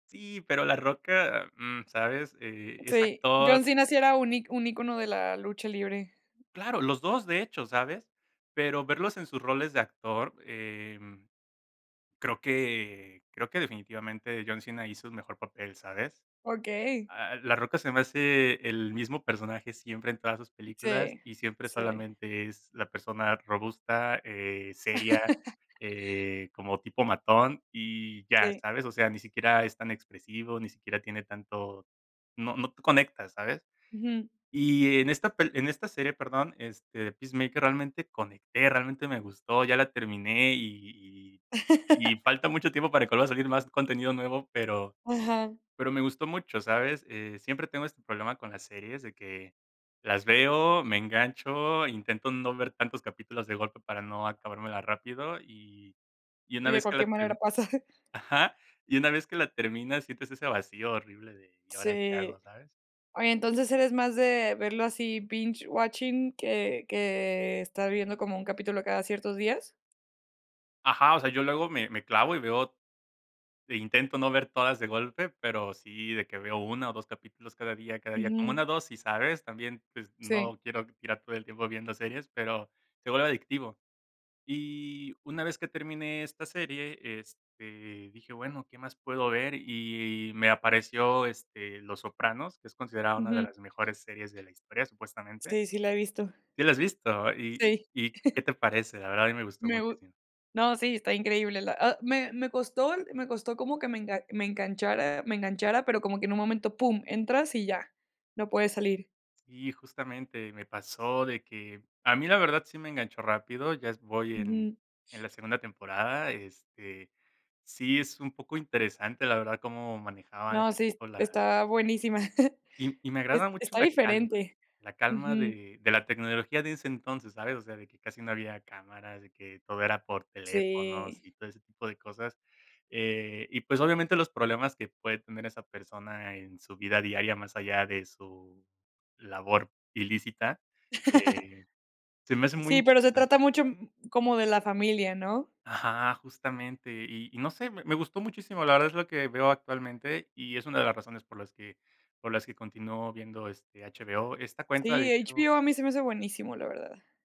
Sí, pero La Roca, mm, ¿sabes? Eh, es Sí, actor. John Cena sí era un ic un icono de la lucha libre. Claro, los 2, de hecho, ¿sabes? Pero verlos en sus roles de actor, em, creo que creo que definitivamente John Cena hizo un mejor papel, ¿sabes? Okey. A a La Roca se me hace el mismo personaje siempre en todas sus películas, Sí, y siempre sí. solamente es la persona robusta, eh, seria, eh, como tipo matón y ya, Sí. ¿sabes? O sea, ni siquiera es tan expresivo, ni siquiera tiene tanto no no conecta, ¿sabes? Ujú. Y en esta pel en esta serie, perdón, este, de Peacemaker, realmente conecté, realmente me gustó, ya la terminé y y y falta mucho tiempo para que vuelva a salir más contenido nuevo, pero Ajá. pero me gustó mucho, ¿sabes? Eh, siempre tengo este problema con las series, de que las veo, me engancho, intento no ver tantos capítulos de golpe para no acabármela rápido, y y una De vez que la cualquier manera ter pasa. ajá. Y una vez que la terminas, sientes ese vacío horrible de, ¿y ahora qué Sí. hago? ¿Sabes? Oye, entonces, ¿eres más de verlo así: "binge watching" que que estar viendo como un capítulo cada ciertos días? Ajá, o sea, yo luego me me clavo, y veo e intento no ver todas de golpe, pero sí de que veo 1, o, 2 capítulos cada día, cada día, como Ujú. una dosis, ¿sabes? También, pues, Sí. no quiero tirar todo el tiempo viendo series, pero se vuelve adictivo. Y una vez que terminé esta serie, este, dije: "Bueno, ¿qué más puedo ver?" Y y me apareció, este, Los Sopranos, que es considerada una de Ujú. las mejores series de la historia, supuestamente. Sí, sí, la he visto. ¿Sí la has visto? ¿Y Sí. y y qué te parece? La verdad a mí me gustó Me gu muchísimo. no, sí, está increíble la a me me costó me costó como que me enga me enganchara me enganchara, pero como que en un momento pum, entras, y ya, no puedes salir. Sí, justamente. Me pasó de que a mí la verdad sí me enganchó rápido. Ya es voy en Ujú. en la segunda temporada, este, sí es un poco interesante, la verdad, cómo manejaba No, ese sí, s tipo la está buenísima, y y me es agrada mucho está la calma, diferente. la calma Ujú. de de la tecnología de ese entonces, ¿sabes? O sea, de que casi no había cámaras, de que todo era por teléfonos Sí. y todo ese tipo de cosas. Eh, y pues, obviamente, los problemas que puede tener esa persona en su vida diaria, más allá de su labor ilícita, eh, se me hace muy Sí, pero se interesante. trata mucho m m como de la familia, ¿no? Ajá, justamente. Y y no sé, me me gustó muchísimo, la verdad es lo que veo actualmente, y es una de las razones por las que por las que continúo viendo, este, HBO. Esta cuenta, de Sí, hecho HBO a mí se me hace buenísimo, la verdad.